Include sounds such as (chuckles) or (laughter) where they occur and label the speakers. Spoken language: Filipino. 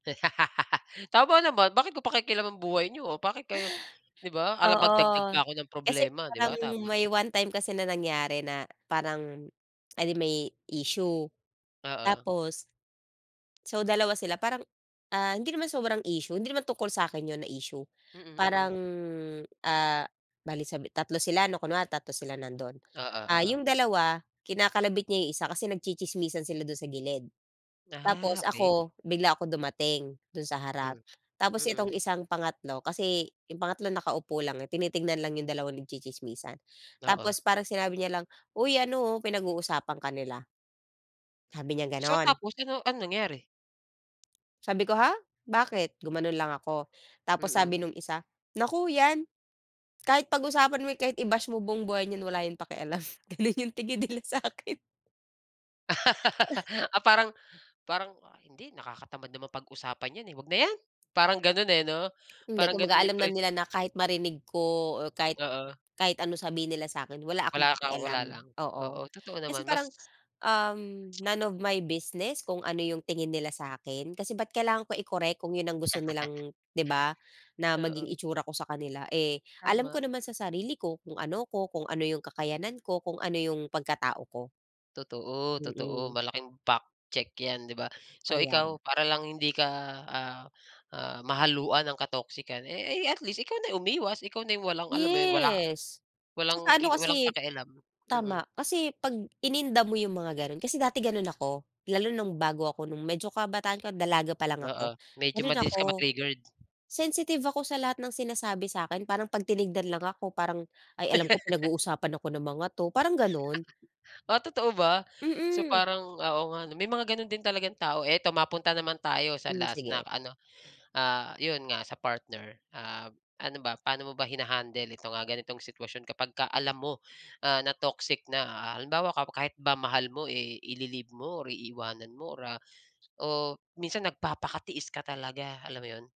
Speaker 1: (laughs) Tama naman. "Bakit ko pakikialaman buhay niyo? Bakit kayo" (gasps) 'di ba? Ala magdagdag pa
Speaker 2: Oo
Speaker 1: ako ng
Speaker 2: kasi
Speaker 1: problema, 'di
Speaker 2: parang
Speaker 1: ba? Tama.
Speaker 2: may one time kasi na nangyari na parang, (smacks lips) eh, di may issue.
Speaker 1: Oo.
Speaker 2: Tapos So dalawa sila, parang, ah hindi naman sobrang issue. Hindi naman tungkol sa akin 'yon na issue.
Speaker 1: Mhm, mhm.
Speaker 2: Parang ah, bale sabi tatlo sila 'no. Kunwari tatlo sila nandoon.
Speaker 1: Oo,
Speaker 2: Ah
Speaker 1: oo.
Speaker 2: yung dalawa kinakalabit niya 'yong isa, kasi nagtsitsismisan sila do'n sa gilid.
Speaker 1: Ah,
Speaker 2: Tapos
Speaker 1: okey.
Speaker 2: ako, bigla akong dumating doon sa
Speaker 1: Hmm,
Speaker 2: harap. Tapos
Speaker 1: mhm.
Speaker 2: itong isang pangatlo kasi 'yong pangatlo nakaupo lang eh, tinitingnan lang 'yong dalawa nagtsitsismisan.
Speaker 1: Oo.
Speaker 2: Tapos parang sinabi niya lang, "Uy ano oh, pinag-uusapan ka nila." Sabi niya
Speaker 1: So
Speaker 2: ganun.
Speaker 1: tapos ano anong nangyari?
Speaker 2: Sabi ko, "Ha? Bakit?" Gumanon lang ako. Tapos
Speaker 1: Mhm.
Speaker 2: sabi nung isa, "Naku 'yan. Kahit pag-usapan mo, kahit i-bash mo buong buhay niyan wala yang pakialam." (chuckles) Ganun yung tingin nila sa 'kin. (giggles)
Speaker 1: (laughs) Ah parang parang, "Ah hindi. Nakakatamad naman pag-usapan yan eh. Wag na yan!" Parang ganun eh 'no?
Speaker 2: Hindi,
Speaker 1: Parang ganun
Speaker 2: kumbaga
Speaker 1: yung
Speaker 2: alam na
Speaker 1: impre
Speaker 2: nila na kahit marinig ko o kahit
Speaker 1: Oo.
Speaker 2: kahit anong sabihin nila sa akin, wala akong
Speaker 1: Wala ka wala
Speaker 2: pakialam,
Speaker 1: lang.
Speaker 2: oo.
Speaker 1: Oo, totoo
Speaker 2: Kasi
Speaker 1: naman. Mas
Speaker 2: parang uhm
Speaker 1: (tsk)
Speaker 2: none of my business kung ano yung tingin nila sa akin. Kasi bakit kailangan ko i-correct kung yun ang gusto nilang 'di ba,
Speaker 1: (laughs)
Speaker 2: na maging
Speaker 1: Oo.
Speaker 2: itsura ko sa kanila? Eh alam
Speaker 1: Tama.
Speaker 2: ko naman sa sarili ko kung ano ako, kung ano yung kakayahan ko, kung ano yung pagkatao ko.
Speaker 1: Totoo, totoo.
Speaker 2: Mhm.
Speaker 1: Malaking fact check yan, 'di ba? So
Speaker 2: Kaya nga.
Speaker 1: ikaw para lang hindi ka, ah, ah, mahaluan ng ka-toxican, eh, ay at least ikaw na yung umiwas. Ikaw na yung walang alam mo yun, wala
Speaker 2: Yes!
Speaker 1: walang
Speaker 2: Tsaka ano
Speaker 1: ki walang
Speaker 2: kasi eh
Speaker 1: pakialam. Mhm.
Speaker 2: tama, kasi 'pag ininda mo yung mga ganun kasi dati ganun ako. Lalo nung bago ako nung medyo kabataan ko, dalaga pa lang
Speaker 1: Oo.
Speaker 2: ako,
Speaker 1: Medyo
Speaker 2: ganun
Speaker 1: mabilis
Speaker 2: ako.
Speaker 1: ka ma-triggered?
Speaker 2: Sensitive ako sa lahat ng sinasabi sa akin, parang pag tinignan lang ako parang, "Ay alam ko
Speaker 1: (laughs)
Speaker 2: pinag-uusapan ako ng mga 'to." Parang ganun.
Speaker 1: (laughs) Ah, totoo ba? So
Speaker 2: Mhm.
Speaker 1: parang ah oo nga 'no? May mga ganun din talagang tao. Ito, mapunta naman tayo sa
Speaker 2: Hmm
Speaker 1: last na
Speaker 2: sige.
Speaker 1: ano ah, 'yon nga sa partner. Ah ano ba, paano mo ba hina-handle itong, ah, ganitong sitwasyon kapagka alam mo ah na toxic na. Ah halimbawa kapo kahit ba mahal mo, eh, i-li-leave mo or iiwanan mo or ah, o minsan nagpapakatiis ka talaga, alam mo 'yon?